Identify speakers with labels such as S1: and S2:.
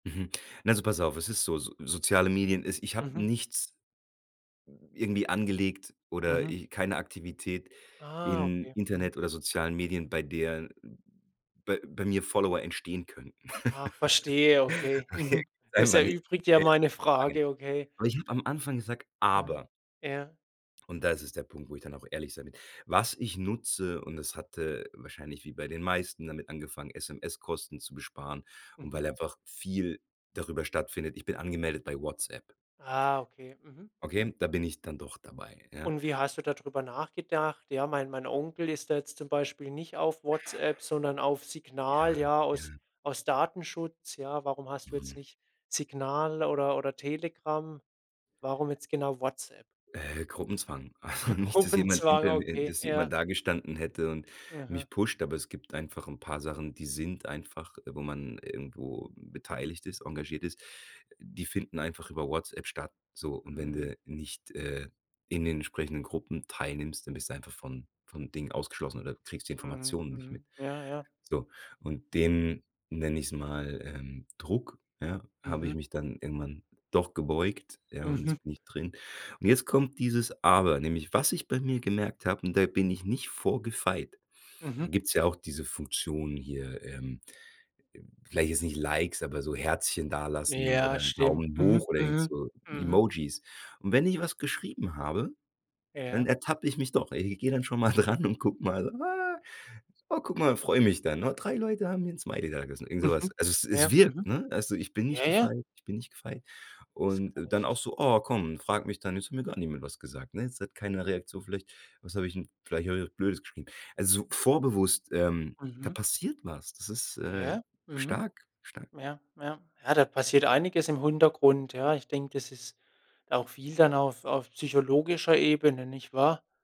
S1: Mhm. Na, also pass auf, es ist so, so soziale Medien ist ich hab
S2: Mhm.
S1: nichts n irgendwie angelegt oder
S2: Mhm.
S1: e keine Aktivität
S2: Ah,
S1: in
S2: okay. Mhm.
S1: Internet oder sozialen Medien, bei der bei bei mir Follower entstehen könnten.
S2: Ach, verstehe, okay.
S1: Okay,
S2: Mhm. Das
S1: [unintelligible] nicht. Du
S2: erübrigt ja
S1: stellst
S2: meine
S1: die Frage nicht.
S2: Frage, okay.
S1: Aber ich habe am Anfang gesagt,
S2: Aha,
S1: aber
S2: ja.
S1: und da ist es der Punkt, wo ich dann auch ehrlich sein will. Was ich nutze, und es hatte wahrscheinlich wie bei den meisten damit angefangen, SMS-Kosten zu besparen und
S2: Mhm.
S1: weil einfach viel darüber stattfindet: Ich bin angemeldet bei WhatsApp.
S2: Ah, okay. Mhm.
S1: Okay, da bin ich dann doch dabei, ja?
S2: Und wie hast du da drüber nachgedacht? Ja, mein mein Onkel ist da jetzt zum Beispiel nicht auf WhatsApp, sondern auf
S1: Ja,
S2: Signal, ja, aus
S1: mhm.
S2: aus Datenschutz, ja. Warum hast du jetzt
S1: Mhm.
S2: nicht Signal oder oder Telegram? Warum jetzt genau WhatsApp?
S1: Äh, Gruppenzwang. Also nicht, dass jemand
S2: Gruppenzwang,
S1: hinter mir äh,
S2: okay,
S1: dass jemand
S2: ja.
S1: dagestanden hätte und
S2: Aha.
S1: mich pusht, aber es gibt einfach 'n paar Sachen, die sind einfach wo man irgendwo beteiligt ist, engagiert ist. Die finden einfach über WhatsApp statt so, und wenn
S2: Mhm.
S1: du nicht, äh in den entsprechenden Gruppen teilnimmst, dann bist du einfach von von Dingen ausgeschlossen, oder du kriegst die
S2: Mhm,
S1: Informationen nicht mit.
S2: mhm. Ja, ja.
S1: So. Und den, nenne ich's mal, ähm, Druck, ja, habe ich
S2: Mhm.
S1: mich dann irgendwann doch gebeugt, ja, und
S2: Mhm.
S1: jetzt bin ich drin. Und jetzt kommt dieses Aber, nämlich was ich bei mir gemerkt habe und da bin ich nicht vor gefeit
S2: Mhm.
S1: gibt's ja auch diese Funktion hier, ähm, vielleicht jetzt nicht Likes, aber so Herzchen dalassen
S2: Ja,
S1: oder 'n
S2: stimmt.
S1: Daumen
S2: Mhm,
S1: hoch oder irgend
S2: mhm.
S1: so
S2: Mhm.
S1: Emojis. Und wenn ich was geschrieben habe, dann
S2: Ja.
S1: ertappe ich mich doch i ich gehe dann schon mal dran und guck mal: „Ah. Oh, guck mal!”, freue mich dann. „Na, 3 Leute haben mir 'n Smiley dagelassen!”, irgend so was.
S2: Mhm.
S1: Also es es
S2: Ja, mhm.
S1: wirkt, ne? Also ich bin
S2: Ja,
S1: nicht
S2: ja.
S1: gefeit, ich bin nicht gefeit.
S2: Das
S1: Und
S2: kann
S1: dann
S2: ich
S1: auch so: „Oh, komm”, und frag mich dann, „jetzt hat mir gar niemand was gesagt.”, ne? Es hat keine Reaktion. Vielleicht was hab ich 'n vielleicht hab ich was Blödes geschrieben. Also so vorbewusst, ähm, da
S2: Mhm.
S1: passiert was. Das ist, äh,
S2: Ja, mhm.
S1: stark, stark.
S2: Ja, ja. Ja, da passiert einiges im Hintergrund, ja. Ich denke, das ist auch viel dann auf auf psychologischer Ebene, nicht wahr?